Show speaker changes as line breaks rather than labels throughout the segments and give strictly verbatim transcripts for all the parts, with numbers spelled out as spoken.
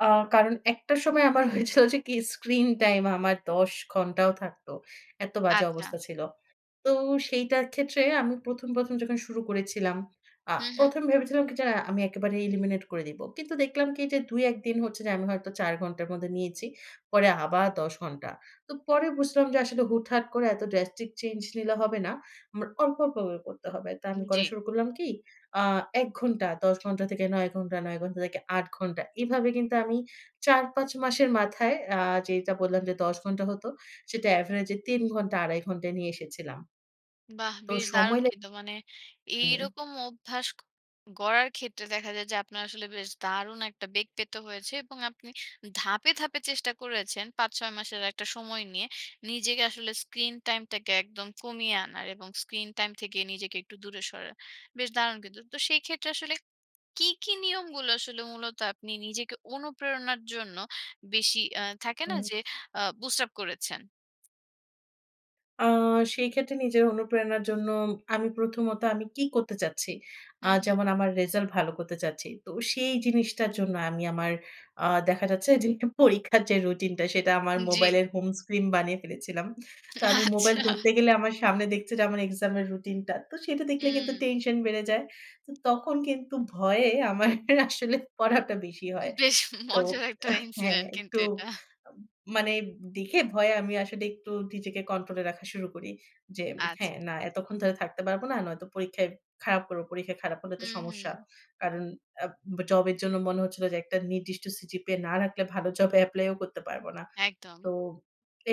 আ কারণ একটা সময় আমার হয়েছিল যে কি? স্ক্রিন টাইম আমার দশ ঘণ্টাও থাকতো, এত্ত বাজে
আচ্ছা।
অবস্থা ছিল। তো সেইটার ক্ষেত্রে আমি প্রথম, প্রথম যখন শুরু করেছিলাম আ
হুম, হুম।
প্রথম ভেবেছিলাম কি? যে আ আমি একেবারে এলিমিনেট করে দিবো। কিন্তু দেখলাম কি এই যে দুই-এক দিন হচ্ছে যে আমি হয়তো চার ঘন্টার মধ্যে নিয়েছি। পরে আবার দশ ঘন্টা। তো পরে বুঝলাম যে, আসলে হুটহাট করে এত ড্রাস্টিক চেঞ্জ নিলে হবে না। উম অল্প, অল্প করে করতে হবে। তো
উম
আমি করা
জী।
শুরু করলাম কি? আ এক ঘণ্টা, দশ ঘন্টা থেকে নয় ঘণ্টা, নয় ঘন্টা থেকে আট ঘণ্টা। এভাবে কিন্তু আমি চার-পাঁচ মাসের মাথায় আ যেটা বললাম যে দশ ঘন্টা হতো সেটা এভারেজ এ তিন ঘন্টা আড়াই ঘন্টায় নিয়ে এসেছিলাম।
বাহ!
তো
বেশ দারুণ
সময় লে
কিন্তু মানে
হুম।
এইরকম অভ্যাস ক গড়ার ক্ষেত্রে, দেখা যায় যে, আপনার আসলে বেশ দারুণ একটা বেগ পেতে হয়েছে। এবং আপনি ধাপে, ধাপে চেষ্টা করেছেন পাঁচ-ছয় মাসের একটা সময় নিয়ে নিজেকে আসলে স্ক্রিন টাইম টাকে একদম কমিয়ে আনার, এবং স্ক্রিন টাইম থেকে নিজেকে একটু দূরে সরার। বেশ দারুণ কিন্তু। তো সেই ক্ষেত্রে আসলে কী, কী নিয়মগুলো আসলে মূলত আপনি নিজেকে অনুপ্রেরণার জন্য বেশি আ থাকে না,
হুম।
যে আ বুস্ট আপ করেছেন?
আ সেই ক্ষেত্রে নিজের অনুপ্রেরণার জন্য, আমি প্রথমত আমি কী করতে চাচ্ছি? আ
হুম, হুম।
যেমন আমার রিজাল্ট ভালো করতে চাচ্ছি। তো সেই জিনিসটার জন্য আমি আমার আ দেখা যাচ্ছে যে পরীক্ষার যে, রুটিনটা সেটা আমার
উ জী।
মোবাইলের হোম স্ক্রিন বানিয়ে ফেলেছিলাম। তো আমি মোবাইল
আচ্ছা।
ধরতে গেলে আমার সামনে দেখছে যে আমার এক্সামের রুটিন টা। তো সেটা দেখলে কিন্তু
হুম।
টেনশন বেড়ে যায়। তো তখন কিন্তু ভয়ে আমার আসলে পড়াটা বেশি হয়।
বেশ
তো
মজার একটা
এহ হ্যাঁ,
ইনসিডেন্ট কিন্তু
একতু
এটা।
উম মানে দেখে ভয়ে আমি আসলে একটু নিজেকে কন্ট্রোল এ রাখা শুরু করি। যে হ্যাঁ,
আচ্ছা।
না এতক্ষণ ধরে থাকতে পারব না। নয়তো পরীক্ষায় খারাপ করব। পরীক্ষায় খারাপ হলে তো
হুম,
সমস্যা।
হুম।
কারণ আব জবের জন্য মনে হচ্ছিল যে, একটা নির্দিষ্ট সিজিপিএ না রাখলে ভালো জবে এপ্লাই ও করতে পারব না।
একদম।
তো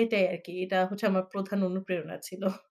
এটাই আরকি। এটা হচ্ছে আমার প্রধান অনুপ্রেরণা ছিল।